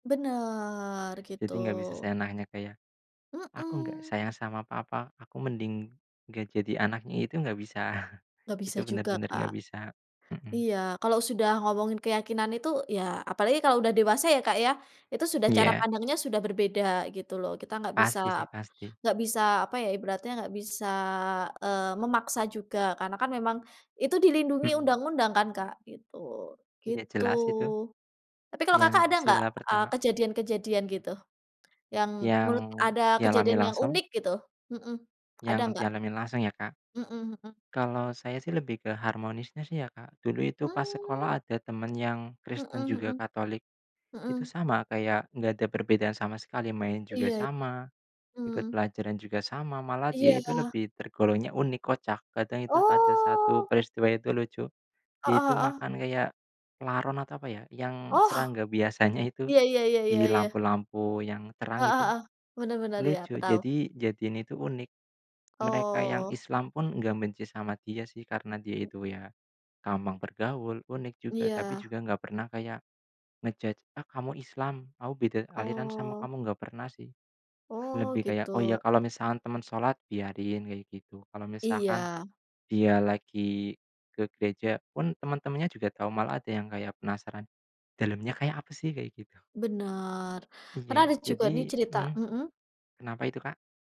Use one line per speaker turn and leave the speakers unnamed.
Benar, begitu.
Jadi nggak bisa seenaknya, Kak, ya, "Aku nggak
Mhm.
sayang sama Papa, aku mending nggak jadi anaknya." Itu nggak bisa,
Nggak
itu
bisa juga,
benar-benar
Kak.
nggak bisa. Mmm.
Iya kalau sudah ngomongin keyakinan itu, ya apalagi kalau udah dewasa ya, Kak, ya, itu sudah cara
Iya.
pandangnya sudah berbeda gitu loh. Kita enggak
Pasti, sih
bisa
pasti.
enggak bisa, apa ya, ibaratnya enggak bisa, eee, memaksa juga karena kan memang, itu dilindungi
Mmm.
undang-undang kan, Kak, gitu.
Udah
Gitu.
jelas itu.
Tapi kalau
Yang
Kakak ada nggak,
sila
eee,
pertama.
kejadian-kejadian gitu, yang
Yang
menurut ada
dialami
kejadian yang
langsung.
unik gitu, mhm, ada
Yang
nggak?
dialami langsung ya, Kak.
Mmm, mhm.
Kalau saya sih lebih ke harmonisnya sih ya, Kak. Dulu itu pas
Mmm.
sekolah ada teman yang
Mhm
Kristen juga,
mhm.
Katolik, itu
Mhm.
sama, kayak nggak ada perbedaan sama sekali, main juga
Iya.
sama, ikut
Mmm.
pelajaran juga sama, malah dia itu
Iya.
lebih tergolongnya unik, kocak. Kadang itu, ada satu
Oh.
peristiwa itu, lucu. Dia
Heeh
itu
heeh.
makan kayak laron atau, apa ya, yang
Oh.
serangga biasanya itu,
Iya iya iya iya
di
iya.
lampu-lampu yang terang
Heeh
itu.
heeh, benar benar, ya aku
Lucu
tahu.
jadi jadiin itu unik. Mereka yang
Oh.
Islam pun nggak benci sama dia sih, karena dia
Mmm.
itu ya gampang bergaul, unik juga, tapi
Iya.
juga gak pernah kayak nge-judge, "Ah kamu Islam, aku beda aliran sama
Oh.
kamu." Nggak pernah sih.
Oh
Lebih kayak, "Oh ya
gitu.
kalau misalkan teman sholat, biarin." Kayak gitu. Kalau misalkan,
Iya.
dia lagi ke gereja pun teman-temannya juga tau, malah ada yang kayak penasaran, "Dalamnya kayak apa sih?" Kayak gitu.
Benar,
Iya,
karena ada juga
jadi
nih cerita
mhm.
mhm?
Kenapa itu, Kak?